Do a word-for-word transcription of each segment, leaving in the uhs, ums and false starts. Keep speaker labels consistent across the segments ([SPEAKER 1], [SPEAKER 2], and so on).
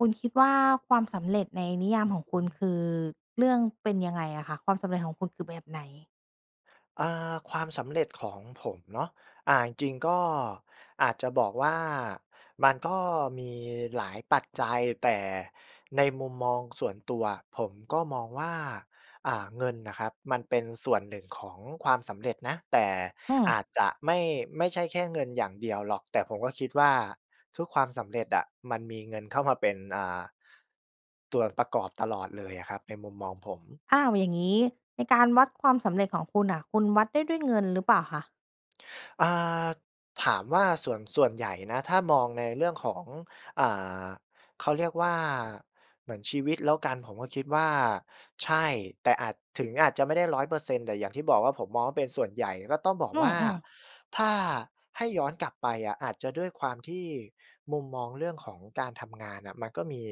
[SPEAKER 1] คุณคิดว่า ความสำเร็จในนิยาม
[SPEAKER 2] อือ
[SPEAKER 1] ของคุณ
[SPEAKER 2] ฮึ
[SPEAKER 1] คือ เรื่อง เป็นยังไงอะคะ? ความสำเร็จของคุณคือแบบไหน?
[SPEAKER 2] อา ความสำเร็จของผมเนาะ อ่า จริง ๆ ก็อาจจะบอกว่า มันก็มีหลาย ปัจจัย แต่ในมุมมองส่วนตัว ผมก็มองว่า อ่า เงินน่ะครับมันเป็นส่วนหนึ่งของความสำเร็จนะ แต่
[SPEAKER 1] อื
[SPEAKER 2] อ
[SPEAKER 1] ม
[SPEAKER 2] าจจะไม่ ไม่ใช่แค่เงินอย่างเดียวหรอก แต่ผมก็คิดว่า ทุกความสำเร็จอะมันมีเงินเข้ามาเป็น อ่า ส่วนประกอบตลอด เลยอะครับ ในมุมมองผม
[SPEAKER 1] อ้าว อย่างงี้ในการวัดความสำเร็จของคุณน่ะ คุณวัดได้ด้วยเงิน หรือเปล่าคะ?
[SPEAKER 2] อา ถามว่า ส่วน ส่วนใหญ่นะ ถ้ามองในเรื่องของ อ่า เขาเรียกว่า เหมือนชีวิตแล้วกัน ผมก็คิดว่า ใช่ แต่อาจ ถึงอาจจะไม่ได้ ร้อยเปอร์เซ็นต์ แต่อย่างที่บอกว่า ผมมองว่า เป็นส่วนใหญ่ ก็ต้องบอก
[SPEAKER 1] อื
[SPEAKER 2] ว่า
[SPEAKER 1] อ ๆ
[SPEAKER 2] ถ้าให้ย้อนกลับไปอะ อาจจะด้วยความที่มุมมองเรื่องของการทำงานน่ะมันก็มี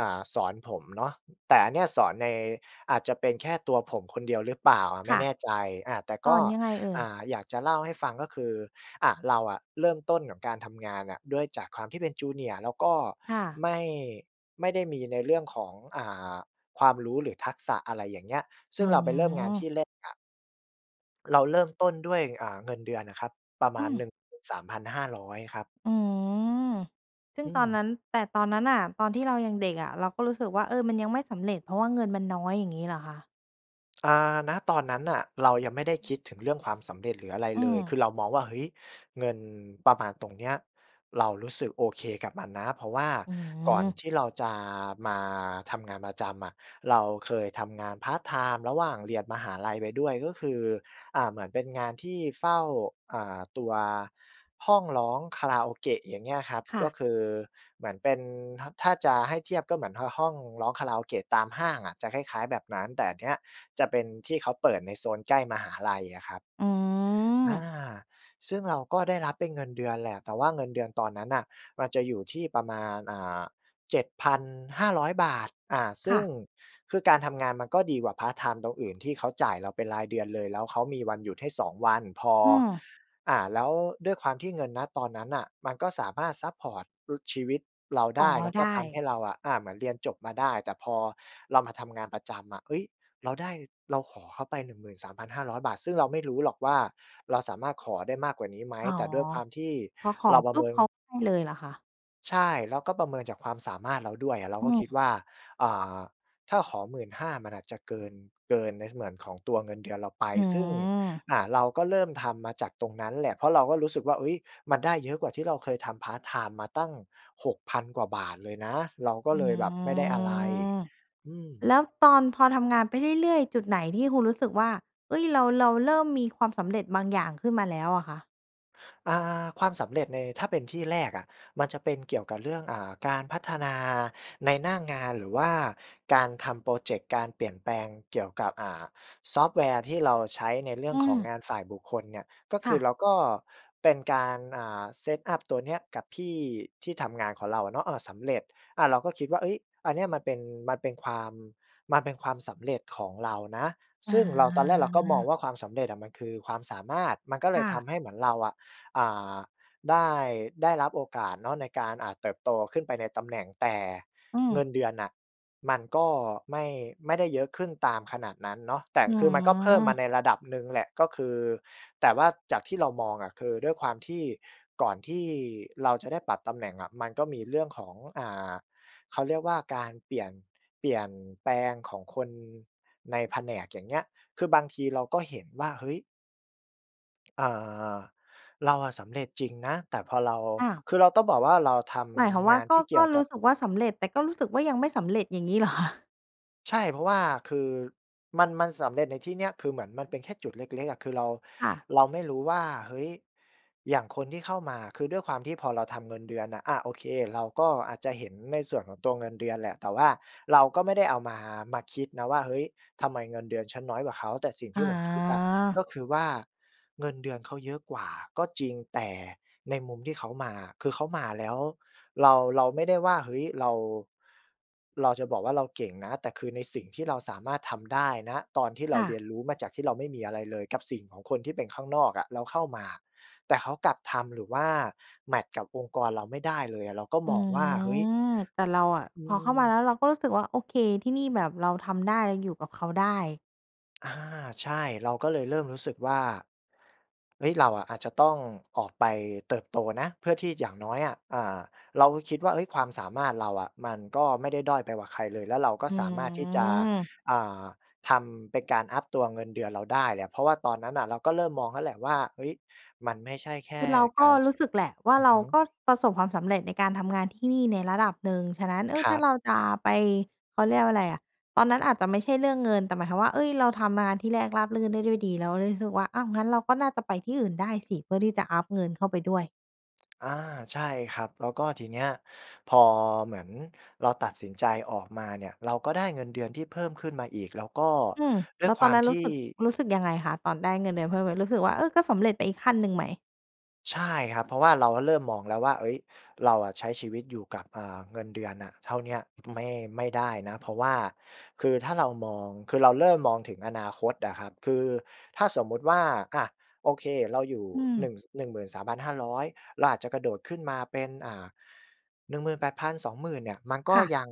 [SPEAKER 2] อ่า สอนผมเนาะ แต่อันเนี่ยสอนใน อาจจะเป็นแค่ตัวผมคนเดียวหรือเปล่าอะ ไ
[SPEAKER 1] ค
[SPEAKER 2] ม่
[SPEAKER 1] ่ะ
[SPEAKER 2] แน่ใจ อา แต่
[SPEAKER 1] ส
[SPEAKER 2] ก
[SPEAKER 1] อ
[SPEAKER 2] ็
[SPEAKER 1] นยังไงเอ่
[SPEAKER 2] อ
[SPEAKER 1] ย?
[SPEAKER 2] ่า อยากจะเล่าให้ฟังก็คือ อะ เราอะเริ่มต้นกับการทำงานน่ะด้วยจากความที่เป็น junior แล้วก็
[SPEAKER 1] ค่ะ
[SPEAKER 2] ไม่ ไม่ได้มีในเรื่องของ อ่า ความรู้หรือทักษะ อะไรอย่างเงี้ย ซ
[SPEAKER 1] อ
[SPEAKER 2] ึ
[SPEAKER 1] ื
[SPEAKER 2] ่งเราไปเริ่มงานท
[SPEAKER 1] ม
[SPEAKER 2] ี่แรกอะ เราเริ่มต้นด้วย อ่า เงินเดือนอะครับ ประม
[SPEAKER 1] อื
[SPEAKER 2] าณ หน
[SPEAKER 1] ม
[SPEAKER 2] ึ่งหมื่นสามพันห้าร้อย ครับ
[SPEAKER 1] อืม ซึ่
[SPEAKER 2] อ
[SPEAKER 1] ง
[SPEAKER 2] ื
[SPEAKER 1] ตอน
[SPEAKER 2] ม
[SPEAKER 1] นั้น แต่ตอนนั้นน่ะ ตอนที่เรายังเด็กอะ เราก็รู้สึกว่า เออ มันยังไม่สำเร็จ เพราะว่าเงินมันน้อย อย่างงี้เหรอคะ?
[SPEAKER 2] อ่า ณ ตอนนั้นน่ะ เรายังไม่ได้คิดถึงเรื่องความสำเร็จหรืออะไร
[SPEAKER 1] อื
[SPEAKER 2] เลย ค
[SPEAKER 1] ม
[SPEAKER 2] ือเรามองว่า เฮ้ย เงินประมาณตรงเนี้ย เรารู้สึกโอเคกับมันนะ เพราะว่า
[SPEAKER 1] อื
[SPEAKER 2] ก่อน
[SPEAKER 1] ม
[SPEAKER 2] ที่เราจะมาทำงานประจำอะ เราเคยทำงานพาร์ตไทม์ระหว่างเรียนมหาลัยไปด้วย ก็คือ อ่า เหมือนเป็นงานที่เฝ้า อ่า ตัว ห้องร้องคาราโอเกะ อย่างเงี้ยครับ
[SPEAKER 1] ค่
[SPEAKER 2] ก็
[SPEAKER 1] ะ
[SPEAKER 2] คือเหมือนเป็น ถ ถ้าจะให้เทียบก็เหมือน ห ห้องร้องคาราโอเกะตามห้างอะ จะคล้าย ๆ แบบนั้น แต่อันเนี้ยจะเป็นที่เขาเปิดในโซนใกล้มหาลัยอะครับ
[SPEAKER 1] อื
[SPEAKER 2] อา
[SPEAKER 1] ม
[SPEAKER 2] ซึ่งเราก็ได้รับเป็นเงินเดือนแหละ แต่ว่าเงินเดือนตอนนั้นน่ะ มันจะอยู่ที่ประมาณ อ่า เจ็ดพันห้าร้อยบาท อ่า ซ
[SPEAKER 1] ค
[SPEAKER 2] ึ
[SPEAKER 1] ่
[SPEAKER 2] ่ง
[SPEAKER 1] ะ
[SPEAKER 2] คือการทำงานมันก็ดีกว่าพาร์ตไทม์ตรงอื่น ที่เขาจ่ายเราเป็นรายเดือนเลย แล้วเขามีวันหยุดให้ สอง วัน พอ
[SPEAKER 1] อืม
[SPEAKER 2] อ่า แล้วด้วยความที่เงิน ณ ตอนนั้นน่ะ มันก็สามารถซัปพอร์ต ล ชีวิตเราไ
[SPEAKER 1] อ๋
[SPEAKER 2] ด
[SPEAKER 1] อ
[SPEAKER 2] ้ แล้ว
[SPEAKER 1] ได
[SPEAKER 2] ก็ทำใ
[SPEAKER 1] ้
[SPEAKER 2] ห้เราอะ อ่า เหมือนเรียนจบมาได้ แต่พอเรามาทำงานประจำอะ เฮ้ย เราได้ เราขอเขาไป หนึ่งหมื่นสามพันห้าร้อยบาท ซึ่งเราไม่รู้หรอกว่า เราสามารถขอได้มากกว่านี้ไหม
[SPEAKER 1] อ๋อ
[SPEAKER 2] แต่ด้วยความที่
[SPEAKER 1] พอขอ
[SPEAKER 2] เราปร
[SPEAKER 1] ป
[SPEAKER 2] ะ
[SPEAKER 1] ุ
[SPEAKER 2] เ
[SPEAKER 1] ๊
[SPEAKER 2] ม
[SPEAKER 1] บ
[SPEAKER 2] ิน
[SPEAKER 1] เขาให้เลยเหรอคะ?
[SPEAKER 2] ใช่ เราก็ประเมินจากความสามารถเราด้วยอะ เรา
[SPEAKER 1] อื
[SPEAKER 2] ก็คิด
[SPEAKER 1] ม
[SPEAKER 2] ว่า อ่า ถ้าขอ หมื่นห้า มันอาจจะเกิน เกินในส่วนของตัวเงินเดือนเราไป
[SPEAKER 1] อื
[SPEAKER 2] ซึ่ง
[SPEAKER 1] ม
[SPEAKER 2] อ่า เราก็เริ่มทำมาจากตรงนั้นแหละ เพราะเราก็รู้สึกว่า เอ๊ย มันได้เยอะกว่าที่เราเคยทำพาร์ตไทม์มาตั้ง หกพัน กว่าบาทเลยนะ เราก็
[SPEAKER 1] อื้
[SPEAKER 2] เ
[SPEAKER 1] อ
[SPEAKER 2] ล
[SPEAKER 1] ฮ
[SPEAKER 2] ย
[SPEAKER 1] ื
[SPEAKER 2] แบบไม่ได้ อะไร
[SPEAKER 1] อ
[SPEAKER 2] อื
[SPEAKER 1] แ
[SPEAKER 2] ม
[SPEAKER 1] ล้วตอน พอทำงานไปเรื่อย ๆ จุดไหนที่คุณรู้สึกว่า เอ๊ย เรา เราเริ่มมีความสำเร็จบางอย่างขึ้นมาแล้วอะคะ?
[SPEAKER 2] อา ความสำเร็จใน ถ้าเป็นที่แรกอะ มันจะเป็นเกี่ยวกับเรื่อง อ่า การพัฒนาในหน้างาน หรือว่าการทำพรอเจกต์การเปลี่ยนแปลงเกี่ยวกับ อ่า ซอฟต์แวร์ที่เราใช้ในเรื่
[SPEAKER 1] อ
[SPEAKER 2] อ
[SPEAKER 1] ื
[SPEAKER 2] งของ
[SPEAKER 1] ม
[SPEAKER 2] งานฝ่ายบุคคลเนี่ย ก็ค
[SPEAKER 1] ค
[SPEAKER 2] ื
[SPEAKER 1] ่
[SPEAKER 2] อ
[SPEAKER 1] ะ
[SPEAKER 2] เราก็ เป็นการ อ่า set up ตัวเนี้ยกับพี่ที่ทำงานของเราอะเนาะ อ่า สำเร็จ อ่า เราก็คิดว่า เฮ้ย อันเนี้ยมันเป็น มันเป็นความ มันเป็นความสำเร็จของเรานะ
[SPEAKER 1] อ
[SPEAKER 2] ซึ่งเรา ตอนแรกเราก็มอง
[SPEAKER 1] า
[SPEAKER 2] ว่า ความสำเร็จอะ มันคือความสามารถ มันก็เล
[SPEAKER 1] ค
[SPEAKER 2] ย
[SPEAKER 1] ่
[SPEAKER 2] ท
[SPEAKER 1] ะ
[SPEAKER 2] ำให้เหมือนเราอะ อ่า ได้ ได้รับโอกาสเนาะ ในการ อ่า เติบโตขึ้นไปในตำแหน่ง แต่
[SPEAKER 1] อื
[SPEAKER 2] เงิ
[SPEAKER 1] ม
[SPEAKER 2] นเดือนน่ะ มันก็ไม่ ไม่ได้เยอะขึ้นตามขนาดนั้นเนาะ แต่ก
[SPEAKER 1] อ
[SPEAKER 2] ็
[SPEAKER 1] ๋อ
[SPEAKER 2] คือ มันก็เพิ่มมาในระดับหนึ่งแหละ ก็คือ แต่ว่าจากที่เรามองอะ คือด้วยความที่ ก่อนที่เราจะได้ปรับตำแหน่งอะ มันก็มีเรื่องของ อ่า เขาเรียกว่าการเปลี่ยน เปลี่ยนแปลงของคนในแผนก อย่างเงี้ย คือบางทีเราก็เห็นว่า เฮ้ย เอ่อ เราอะสำเร็จจริงนะ แต่พอเรา
[SPEAKER 1] อ้าว
[SPEAKER 2] คือเราต้องบอกว่า เราท
[SPEAKER 1] หมายความว
[SPEAKER 2] ำง
[SPEAKER 1] ่า
[SPEAKER 2] าน
[SPEAKER 1] ก
[SPEAKER 2] ท
[SPEAKER 1] ็
[SPEAKER 2] ี่เกี
[SPEAKER 1] ก
[SPEAKER 2] ่
[SPEAKER 1] ็
[SPEAKER 2] ยวก
[SPEAKER 1] รู
[SPEAKER 2] ั
[SPEAKER 1] ้
[SPEAKER 2] บ
[SPEAKER 1] สึกว่าสำเร็จ แต่ก็รู้สึกว่า ยังไม่สำเร็จอย่างงี้ เหรอคะ?
[SPEAKER 2] ใช่ เพราะว่า คือ มัน มันสำเร็จในที่เนี้ย คือเหมือนมันเป็นแค่จุดเล็ก ๆ อะ คือ เรา
[SPEAKER 1] ค่ะ
[SPEAKER 2] เราไม่รู้ว่า เฮ้ย! อย่างคนที่เข้ามา คือด้วยความที่พอเราทำเงินเดือนอะ อะ โอเค เราก็อาจจะเห็นในส่วนของตัวเงินเดือนแหละ แต่ว่าเราก็ไม่ได้เอา มา มาคิดนะว่า เฮ้ย! ทำไมเงินเดือนฉันน้อยกว่าเขา แต่สิ่ง
[SPEAKER 1] อ
[SPEAKER 2] ที่ผมคิดอะ ก
[SPEAKER 1] า
[SPEAKER 2] ็คือว่า เงินเดือนเขาเยอะกว่าก็จริง แต่ในมุมที่เขามาอะ คือเขามาแล้ว เรา เราไม่ได้ว่า เฮ้ย เรา เราจะบอกว่าเราเก่งนะ แต่คือในสิ่งที่เราสามารถทำได้ ณ ตอนที่เร
[SPEAKER 1] ค
[SPEAKER 2] า
[SPEAKER 1] ่
[SPEAKER 2] เ
[SPEAKER 1] ะ
[SPEAKER 2] รียนรู้มาจากที่เราไม่มีอะไรเลยกับสิ่งของคนที่เป็นข้างนอกอะแล้วเข้ามา แต่เขากลับทำ หรือว่าแมตช์กับองค์กรเราไม่ได้เลยอะ เราก็
[SPEAKER 1] อื
[SPEAKER 2] มองว่า เฮ้ย
[SPEAKER 1] ม แต่เราอะ
[SPEAKER 2] อื
[SPEAKER 1] พอเข้ามาแ
[SPEAKER 2] ม
[SPEAKER 1] ล้ว เราก็รู้สึกว่า โอเค ที่นี่แบบเราทำได้อยู่กับเขาได้
[SPEAKER 2] อา ใช่ เราก็เลยเริ่มรู้สึกว่า เอ๊ย! เราอะอาจจะต้อง ออกไปเติบโตนะ เพื่อที่อย่างน้อยอะ อ่า เราก็คิดว่า เฮ้ย ความสามารถเราอะมันก็ไม่ได้ด้อยไปกว่าใครเลย แล้วเราก็
[SPEAKER 1] อื
[SPEAKER 2] สามารถที่จะ
[SPEAKER 1] ม
[SPEAKER 2] อ่า ทำ เป็นการอัปตัวเงินเดือนเราได้แหละ เพราะว่าตอนนั้นอะเราก็เริ่มมองแล้วแหละว่า เอ๊ย
[SPEAKER 1] คือเราก็รู้สึกแหละว่า
[SPEAKER 2] มันไม่ใช่แค่การ ส อือ
[SPEAKER 1] เร
[SPEAKER 2] ฮ
[SPEAKER 1] าก
[SPEAKER 2] ึ
[SPEAKER 1] ็ประสบความสำเร็จในการทำงานที่นี่ในระดับหนึ่ง ฉะนั้น เออ
[SPEAKER 2] คร
[SPEAKER 1] ถ้
[SPEAKER 2] ั
[SPEAKER 1] า
[SPEAKER 2] บ
[SPEAKER 1] เราจะไป เขาเรียกว่าอะไรอะ ตอนนั้นอาจจะไม่ใช่เรื่องเงิน แต่หมายความว่า เอ๊ย! เราทำงานที่แรกราบรื่นได้ด้วยดี แล้วรู้สึกว่า อ้าว งั้นเราก็น่าจะไปที่อื่นได้สิ เพื่อที่จะอัปเงินเข้าไปด้วย
[SPEAKER 2] อา ใช่ครับ แล้วก็ทีเนี้ย พอเหมือนเราตัดสินใจออกมาเนี่ย เราก็ได้เงินเดือนที่เพิ่มขึ้นมาอีก แล้วก็
[SPEAKER 1] อืม
[SPEAKER 2] ด้
[SPEAKER 1] แ
[SPEAKER 2] ว
[SPEAKER 1] ล
[SPEAKER 2] ย
[SPEAKER 1] ้ว
[SPEAKER 2] ค
[SPEAKER 1] ต
[SPEAKER 2] ว
[SPEAKER 1] อ
[SPEAKER 2] า
[SPEAKER 1] น
[SPEAKER 2] ม
[SPEAKER 1] นั้น
[SPEAKER 2] ท
[SPEAKER 1] ร
[SPEAKER 2] ี
[SPEAKER 1] ู
[SPEAKER 2] ่
[SPEAKER 1] ้สึก รู้สึกยังไงคะ? ตอนได้เงินเดือนเพิ่ม เออ รู้สึกว่า เออ ก็สำเร็จไปอีกขั้นหนึ่งไหม?
[SPEAKER 2] ใช่ครับ เพราะว่าเราก็เริ่มมองแล้วว่า เฮ้ย เราอะใช้ชีวิตอยู่กับ อ่า เงินเดือนอะเท่าเนี้ย ไม่ ไม่ได้นะ เพราะว่าคือถ้าเรามอง คือเราเริ่มมองถึงอนาคตอะครับ คือถ้าสมมติว่า อะ โอเค เราอยู่
[SPEAKER 1] อื
[SPEAKER 2] ห
[SPEAKER 1] ม
[SPEAKER 2] นึ่ง ส หนึ่งหมื่นสามพันห้าร้อย เราอาจจะกระโดดขึ้นมาเป็น อ่า หนึ่งหมื่นแปดพัน สองหมื่น เนี่ย มันก็
[SPEAKER 1] ค่ะ
[SPEAKER 2] ยัง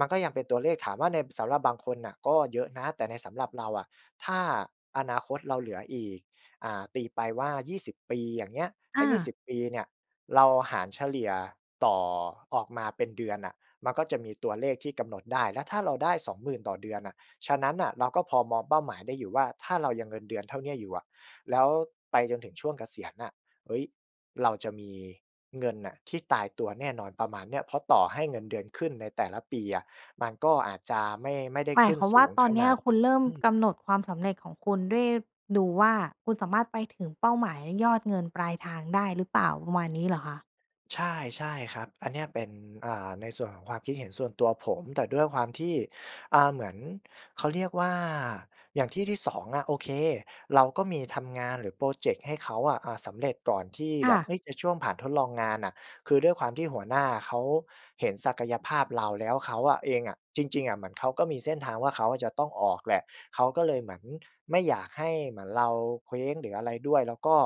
[SPEAKER 2] มันก็ยังเป็นตัวเลข ถามว่าใน บ สำหรับบางคนน่ะก็เยอะนะ แต่ในสำหรับเราอะ ถ้า อนาคตเราเหลืออีก อ่า ตีไปว่า ยี่สิบ ปี อย่างเงี้ย ถ
[SPEAKER 1] อ
[SPEAKER 2] ้า ยี่ส
[SPEAKER 1] า
[SPEAKER 2] ิบ ปีเนี่ยเราหารเฉลี่ยต่อ ออกมาเป็นเดือนน่ะ มันก็จะมีตัวเลขที่กำหนดได้ แล้วถ้าเราได้ สองหมื่น ต่อเดือนน่ะ ฉะนั้นน่ะ เราก็พอมองเป้าหมายได้อยู่ว่า ถ้าเรายังเงินเดือนเท่าเนี้ยอยู่อะ แล้วไปจนถึงช่วงเกษียณน่ะ เฮ้ย เราจะมีเงินน่ะที่ตายตัวแน่นอน ประมาณเนี้ย เพราะต่อให้เงินเดือนขึ้นในแต่ละปีอะ มันก็อาจจะไม่ ไม่ได้
[SPEAKER 1] หมา
[SPEAKER 2] ข
[SPEAKER 1] ย
[SPEAKER 2] ึ้
[SPEAKER 1] ค
[SPEAKER 2] น
[SPEAKER 1] วาม
[SPEAKER 2] ส
[SPEAKER 1] ว
[SPEAKER 2] ู
[SPEAKER 1] ่า
[SPEAKER 2] ง
[SPEAKER 1] ตอ
[SPEAKER 2] ข
[SPEAKER 1] นเน
[SPEAKER 2] น
[SPEAKER 1] ี้ย
[SPEAKER 2] าด
[SPEAKER 1] คุณเริ่ม
[SPEAKER 2] อืม
[SPEAKER 1] กำหนดความสำเร็จของคุณด้วย ดูว่า คุณสามารถไปถึงเป้าหมายยอดเงินปลายทางได้หรือเปล่า ประมาณนี้ เหรอคะ?
[SPEAKER 2] ใช่ ใช่ครับ อันเนี้ยเป็น อ่า ในส่วนของความคิดเห็นส่วนตัวผม แต่ด้วยความที่ อา เหมือน เขาเรียกว่า อย่างที่ที่ สอง อะ โอเค เราก็มีทำงานหรือพรอเจกต์ให้เขาอะ อา สำเร็จก่อนที่
[SPEAKER 1] ค
[SPEAKER 2] แบ
[SPEAKER 1] ่
[SPEAKER 2] บ
[SPEAKER 1] ะ
[SPEAKER 2] เฮ้ย ในช่วงผ่านทดลองงานน่ะ คือด้วยความที่หัวหน้าเขาเห็นศักยภาพเรา แล้วเขาอะ เองอะ จริง ๆ อะเหมือนเขาก็มีเส้นทางว่า เขาจะต้องออกแหละ เขาก็เลยเหมือนไม่อยากให้เหมือนเราเคว้งหรืออะไรด้วย แล้วก็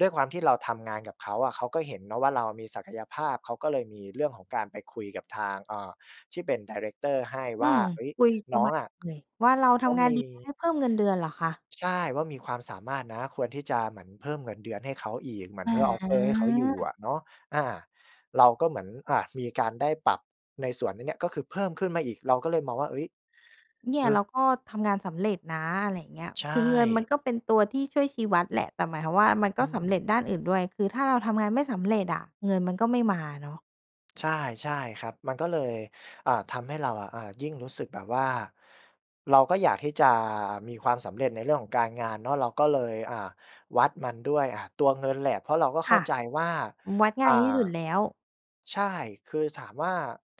[SPEAKER 2] ด้วยความที่เราทำงานกับเขาอะ เขาก็เห็นเนาะว่า เรามีศักยภาพ เขาก็เลยมีเรื่องของการไปคุยกับทาง เอ่อ ที่เป็นไดเรกเตอร์ให้
[SPEAKER 1] อ
[SPEAKER 2] ว
[SPEAKER 1] ื
[SPEAKER 2] ่า
[SPEAKER 1] ม
[SPEAKER 2] "เฮ้ย
[SPEAKER 1] คุยป
[SPEAKER 2] น
[SPEAKER 1] ระ
[SPEAKER 2] ้อ
[SPEAKER 1] ม
[SPEAKER 2] ง
[SPEAKER 1] าณ
[SPEAKER 2] อะ
[SPEAKER 1] เลย ว่า เรา
[SPEAKER 2] เข
[SPEAKER 1] ท
[SPEAKER 2] า
[SPEAKER 1] ำงา
[SPEAKER 2] ม
[SPEAKER 1] น
[SPEAKER 2] ี"
[SPEAKER 1] ดีนะ ให้เพิ่มเงินเดือนเหรอคะ?
[SPEAKER 2] ใช่ "ว่า มีความสามารถนะ ควรที่จะเหมือนเพิ่มเงินเดือนให้เขาอีก เหมือนเพื่อ offer ให้เขาอยู่
[SPEAKER 1] อ
[SPEAKER 2] อ
[SPEAKER 1] า
[SPEAKER 2] ะเนาะ" อา เราก็เหมือน อ่า มีการได้ปรับในส่วน น เนี้ย ก็คือเพิ่มขึ้นมาอีก เราก็เลยมองว่า เฮ้ย
[SPEAKER 1] เนี่
[SPEAKER 2] เอ
[SPEAKER 1] ย เ
[SPEAKER 2] อ
[SPEAKER 1] ราก็ทำงานสำเร็จนะ อะไรอย่างเงี้ย
[SPEAKER 2] ใช
[SPEAKER 1] คือเงินมั
[SPEAKER 2] ่
[SPEAKER 1] นก็เป็นตัวที่ช่วยชี้วัดแหละ แต่หมายความว่า มัน
[SPEAKER 2] อ
[SPEAKER 1] ก็
[SPEAKER 2] ื
[SPEAKER 1] สำ
[SPEAKER 2] ม
[SPEAKER 1] เร็จด้านอื่นด้วย คือถ้าเราทำงานไม่สำเร็จอะเงินมันก็ไม่มาเนาะ
[SPEAKER 2] ใช่ ใช่ครับ มันก็เลย อ่า ทำให้เราอะ อ่า ยิ่งรู้สึกแบบว่า เราก็อยากที่จะมีความสำเร็จในเรื่องของการงานเนาะ เราก็เลย อ่า วัดมันด้วย อ่า ตัวเงินแหละ เพราะเราก็
[SPEAKER 1] ค
[SPEAKER 2] เข้า
[SPEAKER 1] ่ะ
[SPEAKER 2] ใจว่า
[SPEAKER 1] วัดง่
[SPEAKER 2] อ
[SPEAKER 1] า
[SPEAKER 2] ่
[SPEAKER 1] ยที่
[SPEAKER 2] า
[SPEAKER 1] สุดแล้ว
[SPEAKER 2] ใช่ คือถามว่า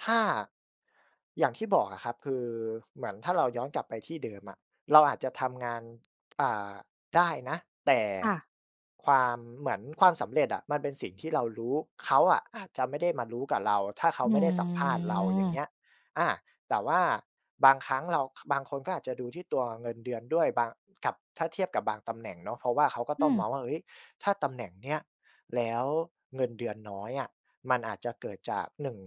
[SPEAKER 2] ถ้า อย่างที่บอกอะครับ คือ เหมือนถ้าเราย้อนกลับไปที่เดิมอะ เราอาจจะทำงาน อ่า ได้นะ แต่
[SPEAKER 1] ค่ะ
[SPEAKER 2] ความ เหมือนความสำเร็จอะ มันเป็นสิ่งที่เรารู้ เขาอะอาจจะไม่ได้มารู้กับเรา ถ้าเขา
[SPEAKER 1] อื
[SPEAKER 2] ไม่ได้สัมภาษณ์เรา อย่างเงี
[SPEAKER 1] อ
[SPEAKER 2] ้ย อ่า แต่ว่าบางครั้งเรา ค บางคนก็อาจจะดูที่ตัวเงินเดือนด้วย บางกับ ถ้าเทียบกับบางตำแหน่งเนาะ เพราะว่าเขาก็
[SPEAKER 1] อื
[SPEAKER 2] ต้องม
[SPEAKER 1] ม
[SPEAKER 2] องว่า เฮ้ย ถ้าตำแหน่งเนี้ย แล้วเงินเดือนน้อยอะ มันอาจจะเกิดจาก หนึ่ง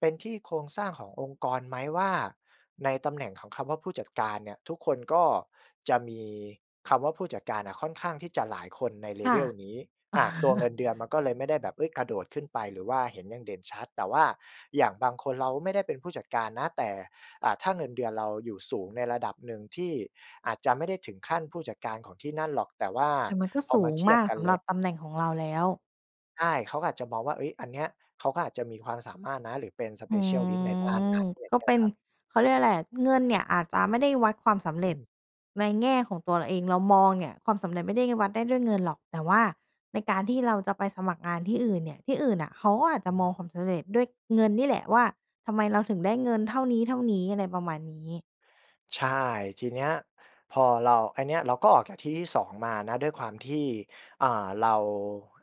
[SPEAKER 2] เป็นที่โครงสร้างขององค์กรไหม? ว่าในตำแหน่งของคำว่าผู้จัดการเนี่ย ทุกคนก็จะมีคำว่าผู้จัดการอะ ค่อนข้างที่จะหลายคนใน
[SPEAKER 1] ค่ะ
[SPEAKER 2] level นี้ อ่า ตัวเงินเดือนมันก็เลยไม่ได้แบบ เฮ้ย กระโดดขึ้นไป หรือว่าเห็นอย่างเด่นชัด แต่ว่าอย่างบางคนเราไม่ได้เป็นผู้จัดการนะ แต่ อ่า ถ้าเงินเดือนเราอยู่สูงในระดับหนึ่ง ที่อาจจะไม่ได้ถึงขั้นผู้จัดการของที่นั่นหรอก แต่ว่า
[SPEAKER 1] แต่มันก
[SPEAKER 2] พ
[SPEAKER 1] ็สูงมาก ส
[SPEAKER 2] อมา
[SPEAKER 1] ำ
[SPEAKER 2] เทียบกันแ
[SPEAKER 1] ห
[SPEAKER 2] ล
[SPEAKER 1] ร
[SPEAKER 2] ้
[SPEAKER 1] ั
[SPEAKER 2] ว
[SPEAKER 1] บตำแหน่งของเราแล้ว
[SPEAKER 2] ใช่ เขาก็อาจจะมองว่า เฮ้ย อันเนี้ย เขาก็อาจจะมีความสามารถนะ หรือเป็น
[SPEAKER 1] อื
[SPEAKER 2] Specialist ในด้าน
[SPEAKER 1] ม
[SPEAKER 2] นั้น อย่า
[SPEAKER 1] ก
[SPEAKER 2] ง
[SPEAKER 1] ็
[SPEAKER 2] เงี้
[SPEAKER 1] เ
[SPEAKER 2] ย
[SPEAKER 1] ป็
[SPEAKER 2] ค
[SPEAKER 1] น
[SPEAKER 2] รับ
[SPEAKER 1] เขาเรียกว่าไรอะ เงินเนี่ยอาจจะไม่ได้วัดความสำเร
[SPEAKER 2] อ
[SPEAKER 1] ็จ
[SPEAKER 2] ืม
[SPEAKER 1] ในแง่ของตัวเราเอง เรามองเนี่ยความสำเร็จไม่ได้แค่วัดได้ด้วยเงินหรอก แต่ว่าในการที่เราจะไปสมัครงานที่อื่นเนี่ย ที่อื่นน่ะเขาก็อาจจ
[SPEAKER 2] อ
[SPEAKER 1] ะ
[SPEAKER 2] ื
[SPEAKER 1] มอง
[SPEAKER 2] ม
[SPEAKER 1] ความสำเร็จด้วยเงินนี่แหละว่า ทำไมเราถึงได้เงินเท่านี้ ๆ อะไรประมาณนี้
[SPEAKER 2] ใช่ ทีเนี้ยพอเรา อันเนี้ยเราก็ออกจากที่ที่ สอง มานะ ด้วยความที่ อ่า เรา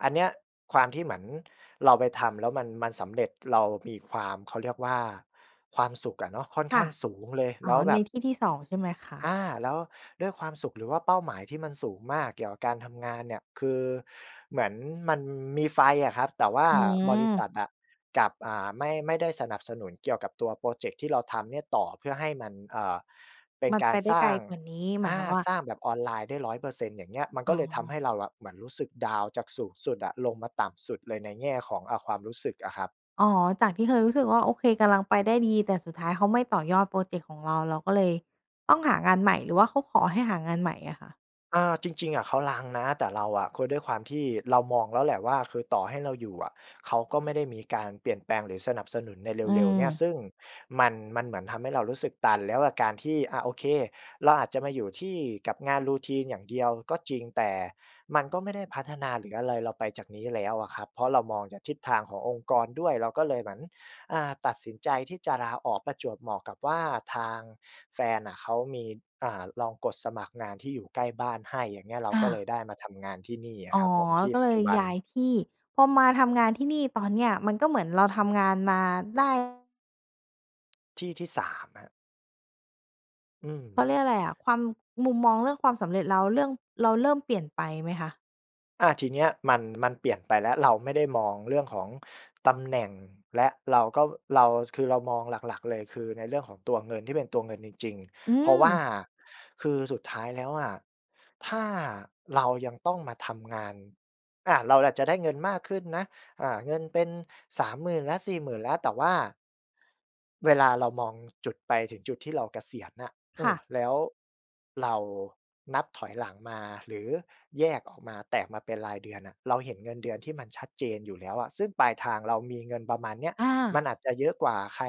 [SPEAKER 2] อันเนี้ย ความที่เหมือนเราไปทำแล้วมัน มันสำเร็จ เรามีความ เขาเรียกว่า ความสุขอะเนาะ ค่อน
[SPEAKER 1] ค
[SPEAKER 2] ข้
[SPEAKER 1] ่ะ
[SPEAKER 2] างสูงเลย
[SPEAKER 1] อ
[SPEAKER 2] แล
[SPEAKER 1] ๋อ
[SPEAKER 2] ้วแบ
[SPEAKER 1] ใน
[SPEAKER 2] บ
[SPEAKER 1] ที่ที่ สอง ใช่ไหมคะ?
[SPEAKER 2] อา แล้วด้วยความสุข หรือว่าเป้าหมายที่มันสูงมากเกี่ยวกับการทำงานเนี่ย คือเหมือนมันมีไฟอะครับ แต่ว่า
[SPEAKER 1] อื
[SPEAKER 2] บริษ
[SPEAKER 1] ม
[SPEAKER 2] ัทอะกลับ อ่า ไม่ ไม่ได้สนับสนุนเกี่ยวกับตัวพรอเจกต์ที่เราทำเนี่ยต่อ เพื่อให้มัน เอ่อ เป็น
[SPEAKER 1] มัน
[SPEAKER 2] กา
[SPEAKER 1] ไป
[SPEAKER 2] ร
[SPEAKER 1] ได้
[SPEAKER 2] สร
[SPEAKER 1] ไ
[SPEAKER 2] ้
[SPEAKER 1] ก
[SPEAKER 2] า
[SPEAKER 1] ล
[SPEAKER 2] ง
[SPEAKER 1] กว่านี้ หม
[SPEAKER 2] อ
[SPEAKER 1] ายค
[SPEAKER 2] า
[SPEAKER 1] วามว่า
[SPEAKER 2] สร้างแบบออนไลน์ได้ ร้อยเปอร์เซ็นต์ อย่างเงี้ย มัน
[SPEAKER 1] อ
[SPEAKER 2] ก
[SPEAKER 1] ๋
[SPEAKER 2] ็
[SPEAKER 1] อ
[SPEAKER 2] เลยทำให้เราอะ เหมือนรู้สึกดาวน์จากสูงสุดอะลงมาต่ำสุดเลยในแง่ของ อ่า ความรู้สึกอะครับ
[SPEAKER 1] อ๋อ จากที่เคยรู้สึกว่า โอเค กำลังไปได้ดี แต่สุดท้ายเขาไม่ต่อยอดพรอเจกต์ของเรา เราก็เลยต้องหางานใหม่ หรือว่าเขาขอให้หางานใหม่อะคะ?
[SPEAKER 2] อ่า จริง ๆ อะเขารั้งนะ แต่เราอะ คือด้วยความที่เรามองแล้วแหละว่า คือต่อให้เราอยู่อะ เขาก็ไม่ได้มีการเปลี่ยนแปลง หรือสนับสนุนใน
[SPEAKER 1] อื
[SPEAKER 2] เร็ว ๆ เนี่ย
[SPEAKER 1] ม
[SPEAKER 2] ซึ่งมัน มันเหมือนทำให้เรารู้สึกตัน แล้วกับการที่ อ่า โอเค เราอาจจะมาอยู่ที่กับงาน routine อย่างเดียวก็จริง แต่มันก็ไม่ได้พัฒนา หรืออะไรเราไปจากนี้แล้วอะครับ เพราะเรามองจากทิศทางขององค์กรด้วย เราก็เลยเหมือน อ่า ตัดสินใจที่จะลาออก ประจวบเหมาะกับว่าทางแฟนน่ะ เขามี อ่า ลองกดสมัครงานที่อยู่ใกล้บ้านให้ อย่างเงี้ย เรา
[SPEAKER 1] อ
[SPEAKER 2] ก็เล
[SPEAKER 1] า
[SPEAKER 2] ยได้มาทำงานที่นี่อ
[SPEAKER 1] อ๋
[SPEAKER 2] ะค
[SPEAKER 1] อ
[SPEAKER 2] รับผม ที่
[SPEAKER 1] ก็
[SPEAKER 2] ป
[SPEAKER 1] เ
[SPEAKER 2] ั
[SPEAKER 1] ล
[SPEAKER 2] จจ
[SPEAKER 1] ย
[SPEAKER 2] ุบัน
[SPEAKER 1] ย้ายที่ พอมาทำงานที่นี่ ตอนเนี้ยมันก็เหมือนเราทำงานมาได้
[SPEAKER 2] ที่ที่ สาม ครับ อื
[SPEAKER 1] เข
[SPEAKER 2] ม
[SPEAKER 1] าเรียกอะไรอะ ความ มุมมองเรื่องความสำเร็จ แล้วเรื่องเราเริ่มเปลี่ยนไปไหมคะ?
[SPEAKER 2] อา ทีเนี้ยมัน มันเปลี่ยนไปแล้ว เราไม่ได้มองเรื่องของตำแหน่ง และเราก็ เรา คือเรามองหลัก ๆ เลย คือในเรื่องของตัวเงิน ที่เป็นตัวเงินจริง
[SPEAKER 1] อื
[SPEAKER 2] ๆ เพราะว่า
[SPEAKER 1] ม
[SPEAKER 2] คือสุดท้ายแล้วอะ ถ้าเรายังต้องมาทำงาน อ่า เราอาจจะได้เงินมากขึ้นนะ อ่า เงินเป็น สามหมื่น แล้ว สี่หมื่น แล้ว แต่ว่า เวลาเรามองจุดไปถึงจุดที่เราเกษียณน่ะ เอ
[SPEAKER 1] ค
[SPEAKER 2] ่
[SPEAKER 1] ่
[SPEAKER 2] อ
[SPEAKER 1] ะ
[SPEAKER 2] แล้วเรานับถอยหลังมา หรือแยกออกมา แตกมาเป็นรายเดือนน่ะ เราเห็นเงินเดือนที่มันชัดเจนอยู่แล้วอะ ซึ่งปลายทางเรามีเงินประมาณเนี้ย
[SPEAKER 1] อ
[SPEAKER 2] มั
[SPEAKER 1] า
[SPEAKER 2] นอาจจะเยอะกว่าใคร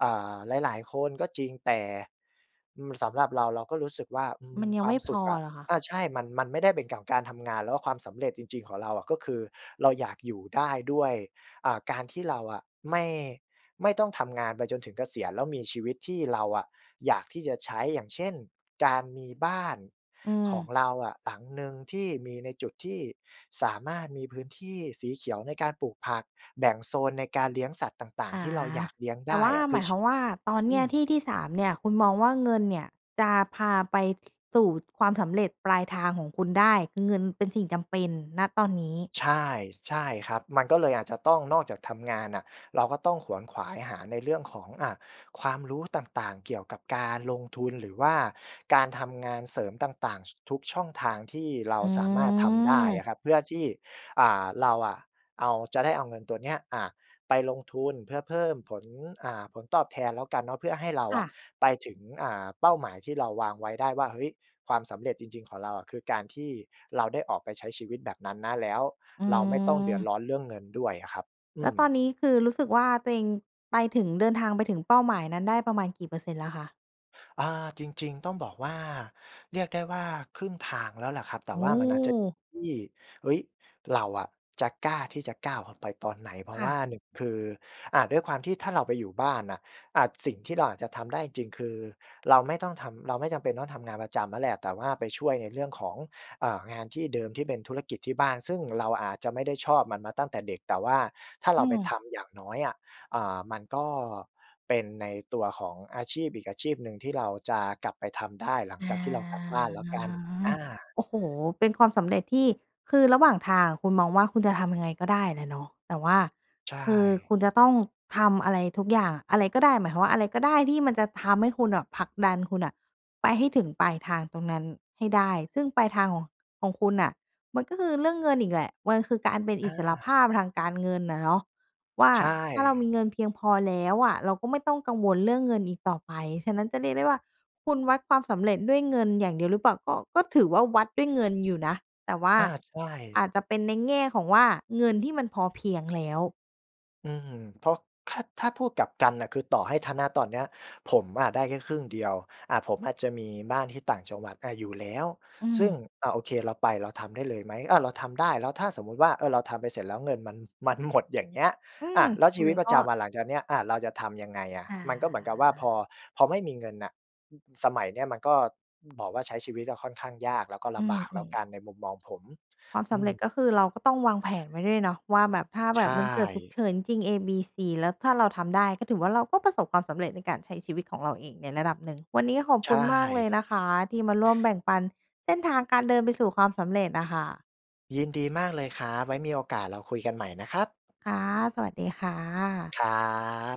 [SPEAKER 2] เอ่อ หลาย ๆ คนก็จริง แต่ อือ สำหรับเราเราก็รู้สึกว่า อื
[SPEAKER 1] ม
[SPEAKER 2] ม
[SPEAKER 1] ันยั
[SPEAKER 2] ค
[SPEAKER 1] ง
[SPEAKER 2] ว
[SPEAKER 1] ไ
[SPEAKER 2] า
[SPEAKER 1] ม
[SPEAKER 2] ม
[SPEAKER 1] ่
[SPEAKER 2] ส
[SPEAKER 1] พ
[SPEAKER 2] ุข
[SPEAKER 1] อ
[SPEAKER 2] อะ
[SPEAKER 1] เหรอคะ?
[SPEAKER 2] อา ใช่ มัน มันไม่ได้เป็นกับการทำงาน แล้วความสำเร็จจริง ๆ ของเราอะ ก็คือเราอยากอยู่ได้ด้วย อ่า การที่เราอะไม่ ไม่ต้องทำงานไปจนถึงเกษียณ แล้วมีชีวิตที่เราอะอยากที่จะใช้ อย่างเช่น การมีบ้าน
[SPEAKER 1] อื
[SPEAKER 2] ขอ
[SPEAKER 1] ม
[SPEAKER 2] งเราอะ หลังหนึ่งที่มีในจุดที่สามารถมีพื้นที่สีเขียวในการปลูกผัก แบ่งโซนในการเลี้ยงสัตว์ต่าง
[SPEAKER 1] อ
[SPEAKER 2] ๆ ท
[SPEAKER 1] า
[SPEAKER 2] ี่เราอยากเลี้ยง
[SPEAKER 1] แต
[SPEAKER 2] ได
[SPEAKER 1] ่
[SPEAKER 2] ้
[SPEAKER 1] ว่า
[SPEAKER 2] อะ ค
[SPEAKER 1] ห
[SPEAKER 2] ื
[SPEAKER 1] ม
[SPEAKER 2] อ
[SPEAKER 1] าย
[SPEAKER 2] ช
[SPEAKER 1] ความว่า ตอน
[SPEAKER 2] อ
[SPEAKER 1] นี
[SPEAKER 2] ื
[SPEAKER 1] ้
[SPEAKER 2] ม
[SPEAKER 1] ที่ที่ สาม เนี่ย คุณมองว่า เงินเนี่ยจะพาไป ส สู่ความสำเร็จปลายทางของคุณได้ คือเงินเป็นสิ่งจำเป็น ณ ตอนนี้
[SPEAKER 2] ใช่ ใช่ครับ มันก็เลยอาจจะต้องนอกจากทำงานน่ะ เราก็ต้องขวนขวายหาในเรื่องของ อ่า ความรู้ต่าง ๆ เกี่ยวกับการลงทุน หรือว่าการทำงานเสริมต่าง ๆ ช ทุกช่องทางที่เรา
[SPEAKER 1] อื
[SPEAKER 2] สามารถทำได้อ
[SPEAKER 1] ม
[SPEAKER 2] ะครับ เพื่อที่ อ่า เราอะ เอา เราจะได้เอาเงินตัวเนี้ย อ่า ไปลงทุน เพื่อเพิ่มผล อ่า ผลตอบแทนแล้วกันเนาะ เพื่อให้เรา
[SPEAKER 1] ค
[SPEAKER 2] อ
[SPEAKER 1] ่
[SPEAKER 2] ะ
[SPEAKER 1] ะ
[SPEAKER 2] ไปถึง อ่า เป้าหมายที่เราวางไว้ได้ว่า เฮ้ย ความสำเร็จจริง ๆ ของเราอะ คือการที่เราได้ออกไปใช้ชีวิตแบบนั้นนะ แล้ว
[SPEAKER 1] อื
[SPEAKER 2] เราไม่ต้องเดือด
[SPEAKER 1] ม
[SPEAKER 2] ร้อนเรื่องเงินด้วยอะครับ อ
[SPEAKER 1] แ
[SPEAKER 2] ื
[SPEAKER 1] ล้วต
[SPEAKER 2] ม
[SPEAKER 1] อนนี้คือรู้สึกว่า ตัวเองไปถึง เดินทางไปถึงเป้าหมายนั้นได้ประมาณกี่เปอร์เซ็นต์แล้วคะ?
[SPEAKER 2] อา จริง ๆ ต้องบอกว่า เรียกได้ว่าครึ่งทางแล้วล่ะครับ แต่
[SPEAKER 1] โอ
[SPEAKER 2] ว่ามันอาจจะ
[SPEAKER 1] ้
[SPEAKER 2] ที่ เฮ้ย เราอะจะกล้าที่จะก้าวออกไปตอนไหน เพรา
[SPEAKER 1] ค
[SPEAKER 2] ะ
[SPEAKER 1] ่
[SPEAKER 2] ว
[SPEAKER 1] ะ
[SPEAKER 2] ่า หนึ่ง คือ อ่า ด้วยความที่ถ้าเราไปอยู่บ้านน่ะ อ่า สิ่งที่เราอาจจะทำได้จริง ๆ คือเราไม่ต้องทำ เราไม่จำเป็นต้องทำงานประจำนั่นแหละ แต่ว่าไปช่วยในเรื่องของ อ่า งานที่เดิมที่เป็นธุรกิจที่บ้าน ซึ่งเราอาจจะไม่ได้ชอบมันมาตั้งแต่เด็ก แต่ว่าถ้าเ
[SPEAKER 1] อ
[SPEAKER 2] ร
[SPEAKER 1] ื
[SPEAKER 2] าไปท
[SPEAKER 1] อ
[SPEAKER 2] ำ อย่างน้อยอะ อ่า มันก็เป็นในตัวของอาชีพอีกอาชีพหนึ่งที่เราจะกลับไปทำได้ หลัง
[SPEAKER 1] อ
[SPEAKER 2] จ
[SPEAKER 1] า
[SPEAKER 2] ากที่เรากลับบ้านแล้วกัน อา
[SPEAKER 1] โอ้โฮ! เป็นความสำเร็จที่ คือระหว่างทางคุณมองว่าคุณจะทำยังไงก็ได้แหละเนาะ แต่ว่า
[SPEAKER 2] ใช
[SPEAKER 1] คือ
[SPEAKER 2] ่
[SPEAKER 1] คุณจะต้องทำอะไรทุกอย่าง อะไรก็ได้ หมายความว่าอะไรก็ได้ที่มันจะทำให้คุณแบบผลักดันคุณน่ะไปให้ถึงปลายทางตรงนั้นให้ได้ ซึ่งปลายทางของ ของคุณน่ะมันก็คือเรื่องเงินอีกแหละ มันคือการเป็นอ
[SPEAKER 2] อ
[SPEAKER 1] ิสรภ
[SPEAKER 2] า
[SPEAKER 1] าพทางการเงินน่ะเนาะ ว่า
[SPEAKER 2] ใช
[SPEAKER 1] ถ้าเรา
[SPEAKER 2] ่
[SPEAKER 1] มีเงินเพียงพอแล้วอะ เราก็ไม่ต้องกังวลเรื่องเงินอีกต่อไป ฉะนั้นจะเรียกได้ว่า คุณวัดความสำเร็จด้วยเงินอย่างเดียวหรือเปล่า? ก็ ก็ถือว่าวัดด้วยเงินอยู่นะ แต่ว่า
[SPEAKER 2] อา ใช
[SPEAKER 1] อ
[SPEAKER 2] ่
[SPEAKER 1] าจจะเป็นในแง่ของว่าเงินที่มันพอเพียงแล้ว
[SPEAKER 2] อืม เพราะ ถ้า ถ้าพูดกลับกันน่ะ คือต่อให้ถ้า ณ ตอนเนี้ยผมอะได้แค่ครึ่งเดียว อะ ผมอาจจะมีบ้านที่ต่างจังหวัด อา อยู่แล้ว
[SPEAKER 1] อื
[SPEAKER 2] ซึ่ง
[SPEAKER 1] ม
[SPEAKER 2] อ่า โอเค เราไปเราทำได้เลยไหม? อา เราทำได้ แล้วถ้าสมมติว่า เออ เราทำไปเสร็จแล้วเงินมัน มัน หมด อย่างเงี้ย
[SPEAKER 1] อื
[SPEAKER 2] อ
[SPEAKER 1] ม
[SPEAKER 2] ะ แล้วช
[SPEAKER 1] ม
[SPEAKER 2] ีวิ
[SPEAKER 1] ั
[SPEAKER 2] ต
[SPEAKER 1] น
[SPEAKER 2] ปร
[SPEAKER 1] ก
[SPEAKER 2] ะ
[SPEAKER 1] ็
[SPEAKER 2] จำวันหลังจากเนี้ย อา เราจะทำยังไงอะ
[SPEAKER 1] อ่
[SPEAKER 2] มันก็เหมือนกับว่าพ
[SPEAKER 1] า
[SPEAKER 2] อ พอไม่มีเงินน่ะ อ อ สมัยนี้มันก็ อ บอกว่าใช้ชีวิตอะค่อนข้างยาก แล้วก็ล
[SPEAKER 1] อื
[SPEAKER 2] ำบากแล้ว
[SPEAKER 1] ม
[SPEAKER 2] ก
[SPEAKER 1] ๆ
[SPEAKER 2] ัน ในมุมมองผม
[SPEAKER 1] ความส
[SPEAKER 2] อื
[SPEAKER 1] ำเร
[SPEAKER 2] ม
[SPEAKER 1] ็จก็คือเราก็ต้องวางแผนไว้ด้วยเนาะว่าแบบ ถ้า
[SPEAKER 2] ใ
[SPEAKER 1] แ
[SPEAKER 2] ช
[SPEAKER 1] บบมันเกิดฉุก
[SPEAKER 2] ่
[SPEAKER 1] เฉินจริง ๆ เอ บี ซี แล้วถ้าเราทำได้ ก็ถือว่าเราก็ประสบความสำเร็จในการใช้ชีวิตของเราเองในระดับหนึ่ง วันนี้ขอบ
[SPEAKER 2] ใช
[SPEAKER 1] คุณ
[SPEAKER 2] ่
[SPEAKER 1] มากเลยนะคะ ที่มาร่วมแบ่งปันเส้นทางการเดินไปสู่ความสำเร็จน่ะค่ะ
[SPEAKER 2] ยินดีมากเลยครับ ไว้มีโอกาสเราคุยกันใหม่นะครับ
[SPEAKER 1] ค่ะ สวัสดีค่ะ
[SPEAKER 2] ครับ